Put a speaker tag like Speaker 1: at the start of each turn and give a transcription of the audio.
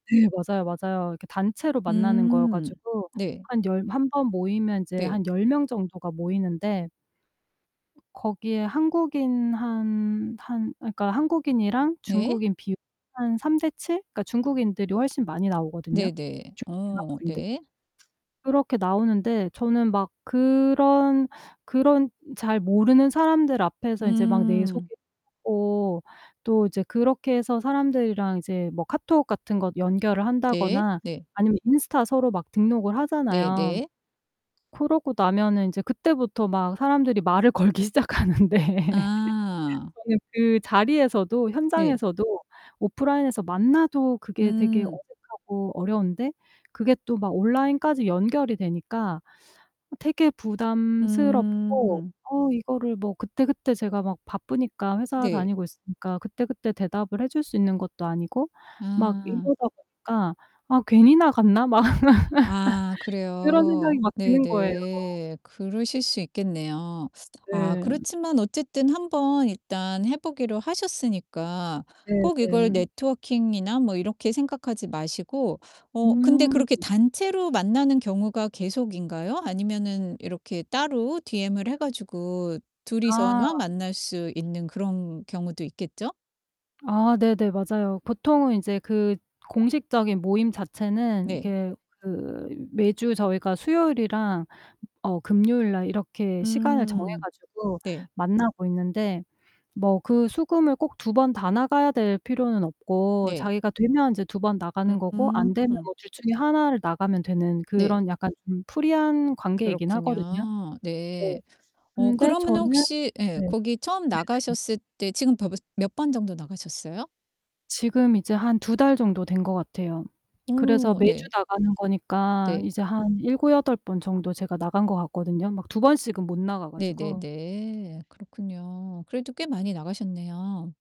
Speaker 1: 네 맞아요, 맞아요. 이렇게 단체로 만나는 거여
Speaker 2: 음
Speaker 1: 가지고
Speaker 2: 네.
Speaker 1: 한 열 1 번 모이면 이제
Speaker 2: 네.
Speaker 1: 한 10 명 정도가 모이는데 거기에 한국인 한 한 그러니까 한국인이랑
Speaker 2: 네.
Speaker 1: 중국인 비율이 한 3:7 그러니까 중국인들이 훨씬 많이 나오거든요
Speaker 2: 네네.
Speaker 1: 중
Speaker 2: 어
Speaker 1: 유학생들이.
Speaker 2: 네.
Speaker 1: 그렇게 나오는데 저는 막 그런 그런 잘 모르는 사람들 앞에서 이제 막 내
Speaker 2: 음.
Speaker 1: 소개하고 또 이제 그렇게 해서 사람들이랑 이제 뭐 카톡 같은 거 연결을
Speaker 2: 네.
Speaker 1: 한다거나
Speaker 2: 네.
Speaker 1: 아니면 인스타 서로 막 등록을 하잖아요.
Speaker 2: 네네.
Speaker 1: 그러고 나면은 이제 그때부터 막 사람들이 말을 걸기 시작하는데
Speaker 2: 아.
Speaker 1: 저는 그 자리에서도
Speaker 2: 네.
Speaker 1: 현장에서도 오프라인에서 만나도 그게 되게
Speaker 2: 음.
Speaker 1: 어색하고 어려운데 그게 또 막 온라인까지 연결이 되니까 되게 부담스럽고
Speaker 2: 음.
Speaker 1: 어 이거를 뭐 그때그때 제가 막 바쁘니까 회사
Speaker 2: 네.
Speaker 1: 다니고 있으니까 그때그때 대답을 해 줄 수 있는 것도 아니고 막
Speaker 2: 아.
Speaker 1: 이러다 보니까 '아 괜히 나갔나?' 막
Speaker 2: 아
Speaker 1: 그런
Speaker 2: 그래요.
Speaker 1: 생각이 막 드는 거예요.
Speaker 2: 네네. 그러실 수 있겠네요. 아
Speaker 1: 네.
Speaker 2: 그렇지만 어쨌든 한번 일단 해 보기로 하셨으니까
Speaker 1: 네
Speaker 2: 꼭 이걸
Speaker 1: 네.
Speaker 2: 네트워킹이나 뭐 이렇게 생각하지 마시고 어 근데
Speaker 1: 음.
Speaker 2: 그렇게 단체로 만나는 경우가 계속인가요? 아니면은 이렇게 따로 DM을 해 가지고
Speaker 1: 아.
Speaker 2: 둘이서만 만날 수 있는 그런 경우도 있겠죠?
Speaker 1: 아 네네 맞아요. 보통은 인제 그 공식적인 모임 자체는
Speaker 2: 네.
Speaker 1: 이게 그 매주 저희가 수요일이랑 어 금요일날 이렇게 시간을 정해
Speaker 2: 음
Speaker 1: 가지고
Speaker 2: 네.
Speaker 1: 만나고 있는데 뭐 그 수, 금을 꼭 2 번 다 나가야 될 필요는 없고
Speaker 2: 네.
Speaker 1: 자기가 되면 이제 2 번 나가는 거고 안
Speaker 2: 음.
Speaker 1: 되면 뭐 둘 중에 하나를 나가면 되는
Speaker 2: 네.
Speaker 1: 그런 약간 음 프리한 관계이긴 하거든요.
Speaker 2: 그렇군요.
Speaker 1: 네.
Speaker 2: 네. 어
Speaker 1: 근데
Speaker 2: 그러면은
Speaker 1: 저는
Speaker 2: 혹시 예
Speaker 1: 네. 네네네.
Speaker 2: 거기 처음 나가셨을 때 지금 벌써 몇 번 정도 나가셨어요?
Speaker 1: 지금 이제 한 2 달 정도 된 것 같아요. 그래서
Speaker 2: 오
Speaker 1: 매주
Speaker 2: 네.
Speaker 1: 나가는 거니까
Speaker 2: 네.
Speaker 1: 이제 한 7-8번 번 정도 제가 나간 것 같거든요 막 2 번씩은 못 나가 가지고.
Speaker 2: 네네네. 그렇군요. 그래도 꽤 많이 나가셨네요.